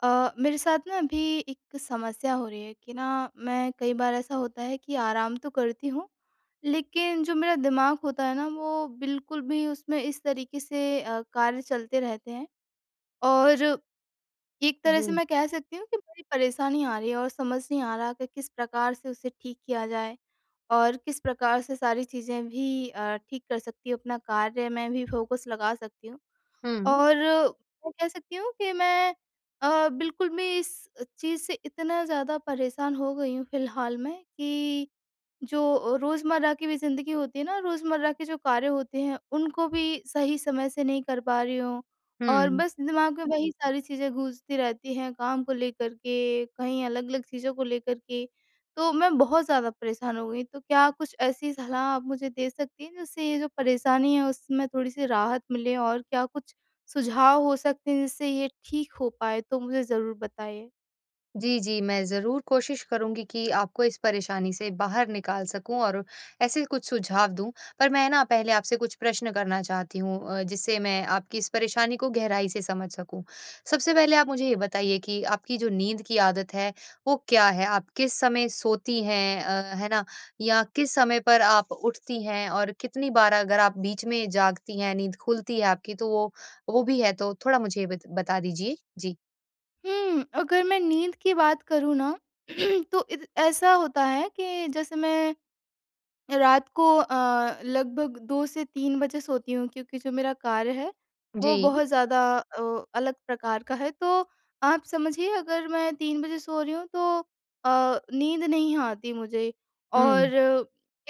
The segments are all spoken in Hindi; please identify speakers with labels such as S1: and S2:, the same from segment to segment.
S1: अ, मेरे साथ ना अभी एक समस्या हो रही है कि ना मैं कई बार ऐसा होता है कि आराम तो करती हूँ लेकिन जो मेरा दिमाग होता है ना वो बिल्कुल भी उसमें इस तरीके से अ, कार्य चलते रहते हैं। और एक तरह से
S2: जी।
S1: मैं कह सकती हूँ कि बड़ी परेशानी आ रही है और समझ नहीं आ रहा कि किस प्रकार से उसे ठीक किया जाए और किस प्रकार से सारी चीज़ें भी अ, ठीक कर सकती हूँ अपना कार्य मैं भी फ़ोकस लगा सकती हूँ।
S2: हुँ।
S1: और मैं कह सकती हूँ कि मैं अ, बिल्कुल भी इस चीज़ से इतना ज़्यादा परेशान हो गई हूँ फ़िलहाल में कि जो रोज़मर्रा की भी ज़िंदगी होती है ना रोज़मर्रा के जो कार्य होते हैं उनको भी सही समय से नहीं कर पा रही हूँ और
S2: हुँ।
S1: बस दिमाग में वही सारी चीज़ें गूँजती रहती हैं, काम को लेकर के कहीं अलग-अलग चीज़ों को लेकर के तो मैं बहुत ज़्यादा परेशान हो गई। तो क्या कुछ ऐसी सलाह आप मुझे दे सकती हैं जिससे ये जो परेशानी है उसमें थोड़ी-सी राहत मिले? और क्या कुछ सुझाव हो सकते हैं जिससे ये ठीक हो पाएँ? तो मुझे ज़रूर बताइए।
S2: जी, जी। मैं ज़रूर कोशिश करूँगी कि आपको इस परेशानी से बाहर निकाल सकूँ और ऐसे कुछ सुझाव दूँ पर मैं ना पहले आपसे कुछ प्रश्न करना चाहती हूँ अ, जिससे मैं आपकी इस परेशानी को गहराई से समझ सकूँ। सबसे पहले आप मुझे ये बताइए कि आपकी जो नींद की आदत है वो क्या है? आप किस समय सोती हैं? अ, है ना? या किस समय पर आप उठती हैं और कितनी बार अगर आप बीच में जागती हैं नींद खुलती है आपकी तो वो वो भी है तो थोड़ा मुझे बत बता दीजिए? जी।
S1: हुँ। अगर मैं नींद की बात करूँ ना तो इत ऐसा होता है कि जैसे मैं रात को अ, लगभग 2 से 3 बजे सोती हूँ क्योंकि जो मेरा कार्य है वो
S2: जी।
S1: बहुत ज़्यादा ओ, अलग प्रकार का है। तो आप समझिए अगर मैं 3 बजे सो रही हूँ तो अ, नींद नहीं आती मुझे। और
S2: हुँ।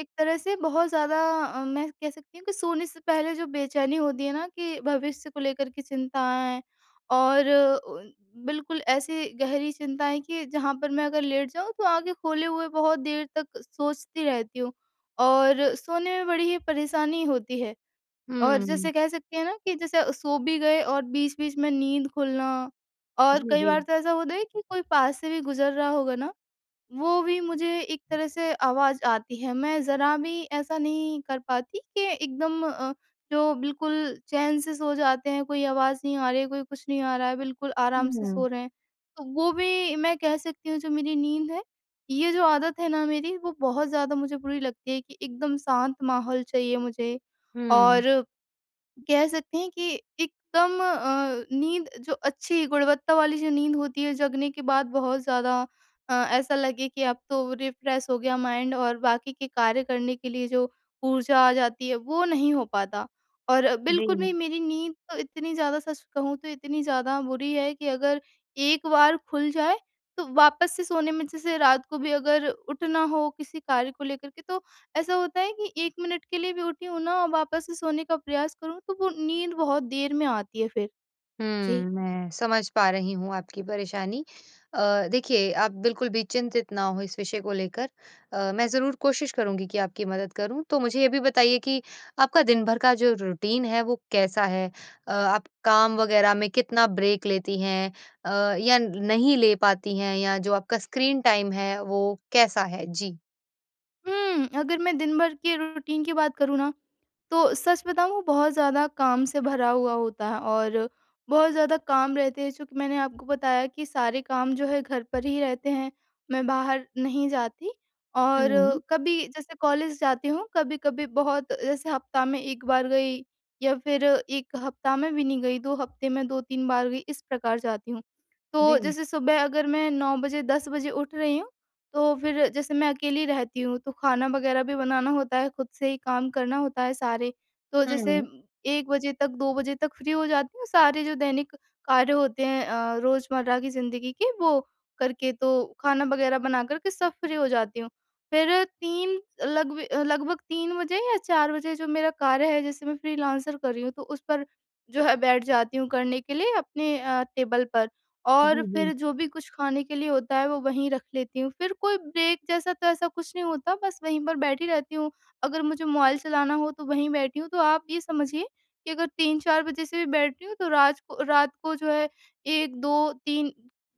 S1: एक तरह से बहुत ज़्यादा अ, मैं कह सकती हूँ कि सोने से पहले जो बेचैनी होती है ना कि भविष्य को लेकर के चिंताएँ और उन बिल्कुल ऐसी गहरी चिंताएँ कि जहाँ पर मैं अगर लेट जाऊँ तो आँखें खोले हुए बहुत देर तक सोचती रहती हूँ। और सोने में बड़ी ही परेशानी होती है। और जैसे
S2: हुँ।
S1: कह सकते हैं ना? कि जैसे सो भी गए और बीच-बीच में नींद खुलना और
S2: जी,
S1: कई बार
S2: जी।
S1: तो ऐसा होता है कि कोई पास से भी गुजर रहा होगा ना वो भी मुझे एक तरह से आवाज़ आती है। मैं ज़रा भी ऐसा नहीं कर पाती कि एकदम अ, जो बिल्कुल चैन से सो जाते हैं, कोई आवाज़ नहीं आ रही है, कोई कुछ नहीं आ रहा है बिल्कुल आराम से सो
S2: हुँ।
S1: रहे हैं। तो वो भी मैं कह सकती हूँ जो मेरी नींद है ये जो आदत है ना मेरी वो बहुत ज़्यादा मुझे बुरी लगती है कि एकदम शांत माहौल चाहिए मुझे। और
S2: हुँ।
S1: कह सकते हैं कि एकदम अ, नींद जो अच्छी गुणवत्ता वाली जो नींद होती है जगने के बाद बहुत ज़्यादा अ, ऐसा लगे कि अब तो रिफ्रेश हो गया माइंड और बाकी के कार्य करने के लिए जो ऊर्जा आ जाती है वो नहीं हो पाता। और बिल्कुल भी
S2: जी।
S1: मेरी नींद तो इतनी ज़्यादा सच कहूँ तो इतनी ज़्यादा बुरी है कि अगर, एक बार खुल जाए तो वापस से सोने में जैसे रात को भी अगर उठना हो किसी कार्य को लेकर के तो ऐसा होता है कि 1 मिनट के लिए भी उठी हूँ ना और वापस से सोने का प्रयास करूँ तो वो नींद बहुत देर में आती है फिर।
S2: हुँ।
S1: जी।
S2: मैं समझ पा रही हूँ आपकी परेशानी। अ, देखिए आप बिल्कुल भी चिंतित ना हो इस विषय को लेकर अ, मैं ज़रूर कोशिश करूँगी कि आपकी मदद करूँ। तो मुझे ये भी बताइए कि आपका दिन भर का जो रूटीन है वो कैसा है? अ, आप काम वग़ैरह में कितना ब्रेक लेती हैं अ, या नहीं ले पाती हैं या जो आपका स्क्रीन टाइम है वो कैसा है? जी।
S1: हुँ, अगर मैं दिनभर के रूटीन की बात करूँ ना तो सच बताऊँ वो बहुत ज़्यादा काम से भरा हुआ होता है और बहुत ज़्यादा काम रहते हैं। चूँकि मैंने आपको बताया कि सारे काम जो है घर पर ही रहते हैं, मैं बाहर नहीं जाती और
S2: हुँ।
S1: कभी जैसे कॉलेज जाती हूँ। कभी-कभी बहुत जैसे हफ़्ता में 1 बार गई या फिर 1 हफ़्ता में भी नहीं गई, 2 हफ़्ते में 2-3 बार गई इस प्रकार जाती हूँ। तो
S2: जी।
S1: जैसे सुबह अगर मैं 9 बजे 10 बजे उठ रही हूँ तो फिर जैसे मैं अकेली रहती हूँ तो खाना वग़ैरह भी बनाना होता है खुद से ही काम करना होता है सारे। तो जैसे
S2: हुँ।
S1: 1 बजे तक, 2 बजे तक फ़्री हो जाती हूँ सारे जो दैनिक कार्य होते हैं अ, रोज़मर्रा की जिंदगी के वो करके तो खाना वगैरह बना कर के सब फ़्री हो जाती हूँ। फिर 3 लग ब लगभग 3 बजे या 4 बजे जो मेरा कार्य है जैसे मैं फ़्रीलांसर कर रही हूँ तो उस पर जो है बैठ जाती हूँ करने के लिए अपने अ, टेबल पर। और
S2: जी,
S1: फिर
S2: जी।
S1: जो भी कुछ खाने के लिए होता है वो वहीं रख लेती हूँ, फिर कोई ब्रेक जैसा तो ऐसा कुछ नहीं होता बस वहीं पर बैठी रहती हूँ अगर मुझे मोबाइल चलाना हो तो वहीं बैठी हूँ। तो आप ये समझिए कि अगर 3-4 बजे से भी बैठी हूँ तो रात को रात को जो है 1-2-3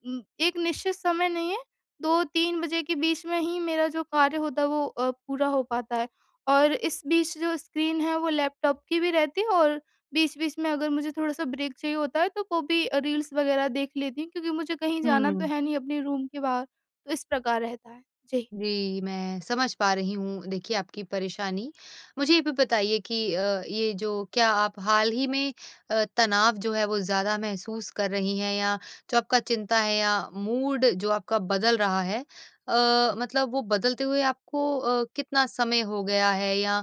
S1: उम, एक निश्चित समय नहीं है। 2-3 बजे के बीच में ही मेरा जो कार्य होता है वो अ, पूरा हो पाता है। और इस बीच जो स्क्रीन है वो लैपटॉप की भी रहती है और बीच-बीच में अगर मुझे थोड़ा-सा ब्रेक चाहिए होता है तो वो भी रील्स वग़ैरह देख लेती हूँ क्योंकि मुझे कहीं जाना तो
S2: हुँ।
S1: है नहीं अपने रूम के बाहर, तो इस प्रकार रहता है। जी।
S2: जी। मैं समझ पा रही हूँ देखिए आपकी परेशानी। मुझे ये भी बताइए कि अ, ये जो क्या आप हाल ही में अ, तनाव जो है वो ज़्यादा महसूस कर रही हैं या जो आपका चिंता है या मूड जो आपका बदल रहा है अ, मतलब वो बदलते हुए आपको अ, कितना समय हो गया है या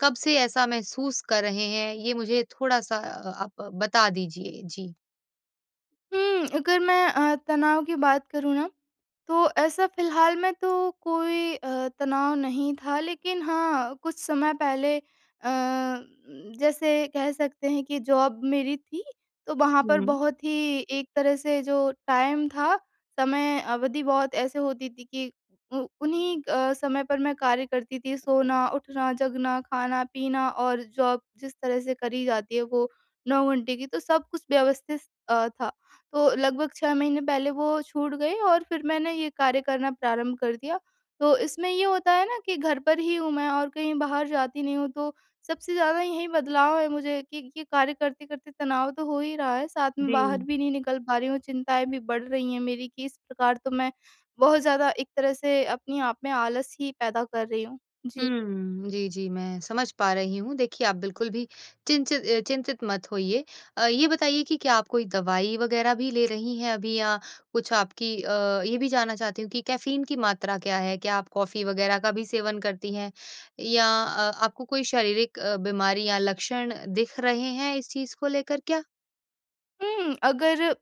S2: कब से ऐसा महसूस कर रहे हैं? ये मुझे थोड़ा-सा अ, आप बता दीजिए जी।
S1: हुँ, अगर मैं अ, तनाव की बात करूँ ना तो ऐसा फ़िलहाल में तो कोई अ, तनाव नहीं था। लेकिन हाँ, कुछ समय पहले अ, जैसे कह सकते हैं कि जॉब मेरी थी, तो वहाँ पर
S2: हुँ।
S1: बहुत ही एक तरह से जो टाइम था, समय अवधि बहुत ऐसे होती थी कि उ उन्हीं अ, समय पर मैं कार्य करती थी सोना, उठना, जगना, खाना-पीना और जॉब जिस तरह से करी जाती है वो 9 घंटे की तो सब कुछ व्यवस्थित अ, था। तो लगभग 6 महीने पहले वो छूट गई और फिर मैंने ये कार्य करना प्रारंभ कर दिया। तो इसमें ये होता है ना कि घर पर ही हूँ मैं और कहीं बाहर जाती नहीं हूँ तो सबसे ज़्यादा यही बदलाव है मुझे कि कि ये कार्य करते-करते तनाव तो हो ही रहा है। साथ में बाहर
S2: जी।
S1: भी नहीं निकल पा रही हूँ चिंताएँ भी बढ़ रही हैं मेरी कि इस प्रकार तो मैं बहुत ज़्यादा एक तरह से अपने आप में आलस ही पैदा कर रही हूँ। जी।
S2: हुँ। जी, जी मैं समझ पा रही हूँ देखिए आप बिल्कुल भी चिनचि अ, चिंतित मत होइए। अ, ये बताइए कि क्या आप कोई दवाई वगैरह भी ले रही हैं अभी या कुछ आपकी अ, ये भी जानना चाहती हूँ कि कैफ़ीन की मात्रा क्या है? क्या आप कॉफ़ी वगैरह का भी सेवन करती हैं या अ, आपको कोई शारीरिक अ, बीमारी या लक्षण दिख रहे हैं इस चीज़ को लेकर क्या?
S1: हुँ। अगर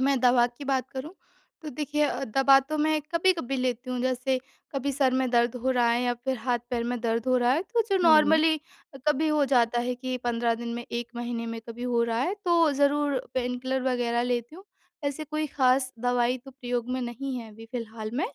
S1: मैं दवा की बात करूँ तो देखिए दवा तो मैं कभी-कभी लेती हूँ। जैसे कभी सर में दर्द हो रहा है या फ़िर हाथ-पैर में दर्द हो रहा है, तो जो
S2: हुँ।
S1: नॉर्मली कभी हो जाता है कि 15 दिन में, 1 महीने में कभी हो रहा है, तो ज़रूर पेनकिलर वग़ैरह लेती हूँ। ऐसी कोई ख़ास दवाई तो प्रयोग में नहीं है अभी फ़िलहाल में।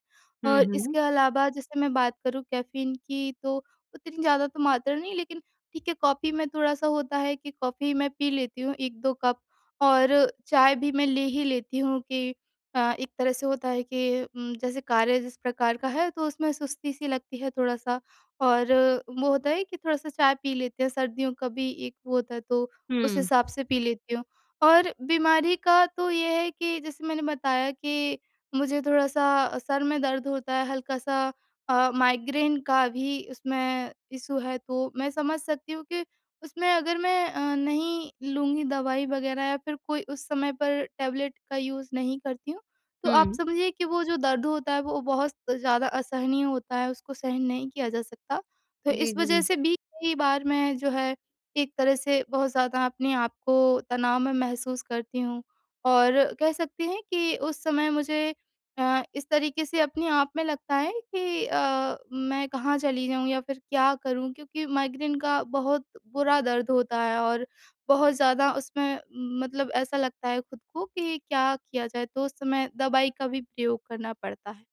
S2: हुँ,
S1: और
S2: हुँ।
S1: इसके अलावा जैसे मैं बात करूँ कैफीन की तो उतनी ज़्यादा तो मात्रा नहीं, लेकिन ठीक है, कॉफी में थोड़ा-सा होता है, कि कॉफी मैं पी लेती हूँ 1-2 कप और चाय भी मैं ले ही लेती हूँ कि अ, एक तरह से होता है कि म जैसे कार्य जिस प्रकार का है तो उसमें सुस्ती सी लगती है थोड़ा-सा और वो होता है कि थोड़ा-सा चाय पी लेते हैं, सर्दियों का भी एक वो होता है तो उस
S2: हुँ।
S1: हिसाब से पी लेती हूँ। और बीमारी का तो ये है कि जैसे मैंने बताया कि मुझे थोड़ा-सा सर में दर्द होता है, हल्का-सा अ, माइग्रेन का भी उसमें इश्यू है, तो मैं समझ सकती हूँ कि उसमें अगर मैं अ, नहीं लूँगी दवाई वग़ैरह या फिर कोई उस समय पर टैबलेट का यूज़ नहीं करती हूँ, तो आप
S2: हुँ।
S1: समझिए कि वो जो दर्द होता है वो बहुत ज़्यादा असहनीय होता है, उसको सहन नहीं किया जा सकता। तो
S2: जी,
S1: इस वज़ह
S2: जी।
S1: से भी कई बार मैं जो है एक तरह से बहुत ज़्यादा अपने आप को तनाव मैं महसूस करती हूँ और कह सकते हैं कि उस समय मुझे अ, इस तरीके से अपने आप में लगता है कि अ, मैं कहाँ चली जाऊँ या फिर क्या करूँ? क्योंकि माइग्रेन का बहुत बुरा दर्द होता है और बहुत ज़्यादा उसमें मतलब ऐसा लगता है खुद को कि क्या किया जाए? तो उस समय दवाई का भी प्रयोग करना पड़ता है।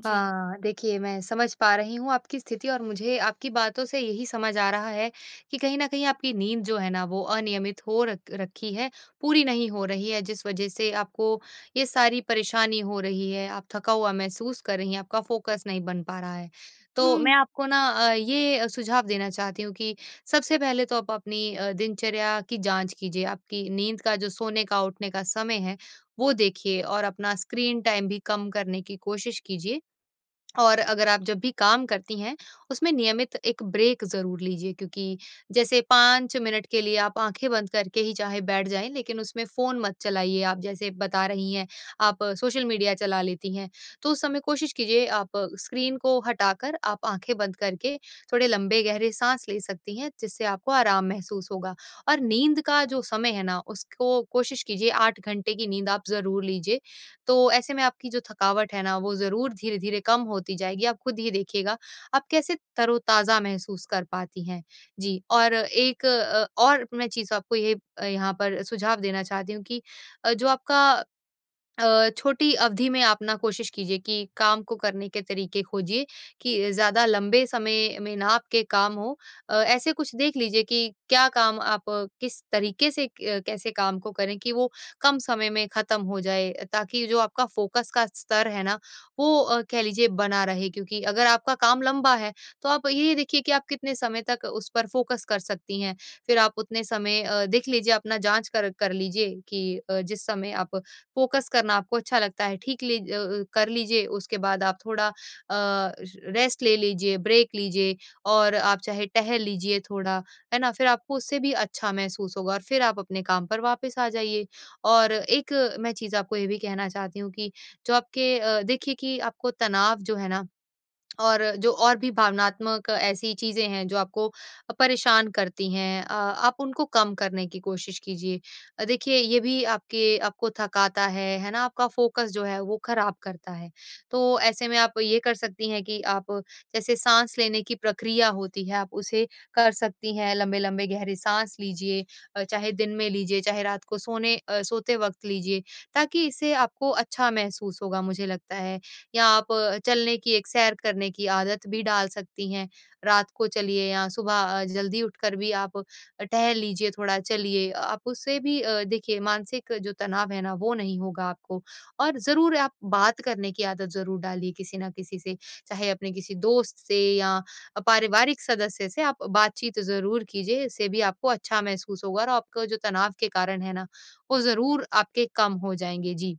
S1: जी।
S2: हाँ, देखिए मैं समझ पा रही हूँ आपकी स्थिति और मुझे आपकी बातों से यही समझ आ रहा है कि कहीं न कहीं आपकी नींद जो है ना वो अनियमित हो र रखी है, पूरी नहीं हो रही है जिस वज़ह से आपको ये सारी परेशानी हो रही है, आप थका हुआ महसूस कर रही हैं, आपका फ़ोकस नहीं बन पा रहा है। तो मैं
S1: हुँ।
S2: आपको ना अ, ये सुझाव देना चाहती हूँ कि सबसे पहले तो आप अपनी अ, दिनचर्या की जाँच कीजिए, आपकी नींद का जो सोने का, उठने का समय है वो देखिए और अपना स्क्रीन टाइम भी कम करने की कोशिश कीजिए। और अगर आप जब भी काम करती हैं उसमें नियमित एक ब्रेक ज़रूर लीजिए। क्योंकि जैसे 5 मिनट के लिए आप आँखें बंद करके ही चाहे बैठ जाएँ लेकिन उसमें फ़ोन मत चलाइएँ। आप जैसे बता रही हैं आप सोशल मीडिया चला लेती हैं, तो उस समय कोशिश कीजिए आप स्क्रीन को हटाकर आप आँखें बंद करके थोड़े लंबे गहरे साँस ले सकती हैं। जिससे आपको आराम महसूस होगा और नींद का जो समय है ना उसको कोशिश कीजिए 8 घंटे की नींद आप ज़रूर लीजिए। तो ऐसे में आपकी जो थकावट है ना वो ज़रूर धीरे-धीरे कम होती जाएगी आप ख़ुद ये देखिएगा। आप कैसे तरोताज़ा महसूस कर पाती हैं। जी, और एक अ, और मैं चीज़ आपको ये यहाँ पर सुझाव देना चाहती हूँ कि अ, जो आपका अ, छोटी अवधि में आप ना कोशिश कीजिए कि काम को करने के तरीके खोजिए, कि ज़्यादा लंबे समय में ना आपके काम हो। अ, ऐसे कुछ देख लीजिए कि क्या काम आप किस तरीके से क कैसे काम को करें? कि वो कम समय में ख़त्म हो जाए। ताकि जो आपका फ़ोकस का स्तर है ना वो कह लीजिए बना रहे क्योंकि अगर आपका काम लंबा है तो आप ये देखिए कि आप कितने समय तक उस पर फ़ोकस कर सकती हैं? फिर आप उतने समय अ, देख लीजिए अपना जाँच कर कर लीजिए कि अ, जिस समय आप फ़ोकस करना आपको अच्छा लगता है ठीक ली ज अ, कर लीजिए उसके बाद आप थोड़ा अ, र रेस्ट ले लीजिए, ब्रेक लीजिए और आप चाहे टहल लीजिए थोड़ा है ना? फिर आपको उससे भी अच्छा महसूस होगा और फ़िर आप अपने काम पर वापस आ जाइए। और एक मैं चीज़ आपको ये भी कहना चाहती हूँ कि जो आपके अ, देखिए कि आपको तनाव जो है ना और जो और भी भावनात्मक ऐसी चीज़ें हैं जो आपको अ, परेशान करती हैं अ, आप उनको कम करने की कोशिश कीजिए। अ, देखिए ये भी आपके आपको थकाता है। है ना? आपका फ़ोकस जो है वो ख़राब करता है। तो ऐसे में आप ये कर सकती हैं कि आप जैसे साँस लेने की प्रक्रिया होती है आप उसे कर सकती हैं, लंबे-लंबे गहरे साँस लीजिए। अ, चाहे दिन में लीजिए, चाहे रात को सोने अ, सोते वक़्त लीजिए। ताकि इससे आपको अच्छा महसूस होगा मुझे लगता है। या आप चलने की, एक सैर करने की आदत भी डाल सकती हैं। रात को चलिए या सुबह ज़ल्दी उठकर भी आप अ, टहल लीजिए थोड़ा चलिए। अ, आप उससे भी अ, देखिए मानसिक जो तनाव है ना वो नहीं होगा आपको। और ज़रूर आप बात करने की आदत ज़रूर डालिए किसी न किसी से चाहे अपने किसी दोस्त से या अ, पारिवारिक सदस्य से आप बातचीत ज़रूर कीजिए। इससे भी आपको अच्छा महसूस होगा और आपका जो तनाव के कारण है ना वो ज़रूर आपके कम हो जाएँगे, जी।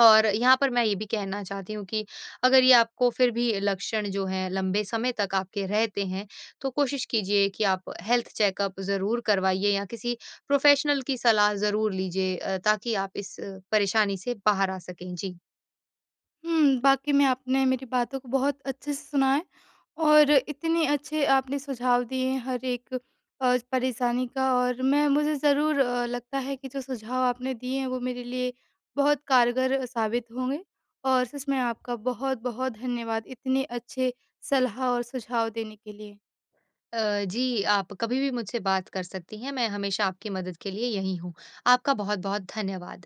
S2: और यहाँ पर मैं ये भी कहना चाहती हूँ कि अगर ये आपको फिर भी लक्षण जो हैं लंबे समय तक आपके रहते हैं तो कोशिश कीजिए कि आप हेल्थ चेकअप ज़रूर करवाइएँ या किसी प्रोफेशनल की सलाह ज़रूर लीजिए अ, ताकि आप इस परेशानी से बाहर आ सकें। जी।
S1: हुँ। वाक़ई में आपने मेरी बातों को बहुत अच्छे से सुना है और इतने अच्छे आपने सुझाव दिए हैं। हर एक अ, परेशानी का और मैं मुझे ज़रूर लगता है कि जो सुझाव आपने दिए हैं। वो मेरे लिए बहुत कारगर साबित होंगे। और सच में आपका बहुत-बहुत धन्यवाद, इतने अच्छे सलाह और सुझाव देने के लिए।
S2: अ, जी। आप कभी भी मुझसे बात कर सकती हैं, मैं हमेशा आपकी मदद के लिए यही हूँ। आपका बहुत-बहुत धन्यवाद।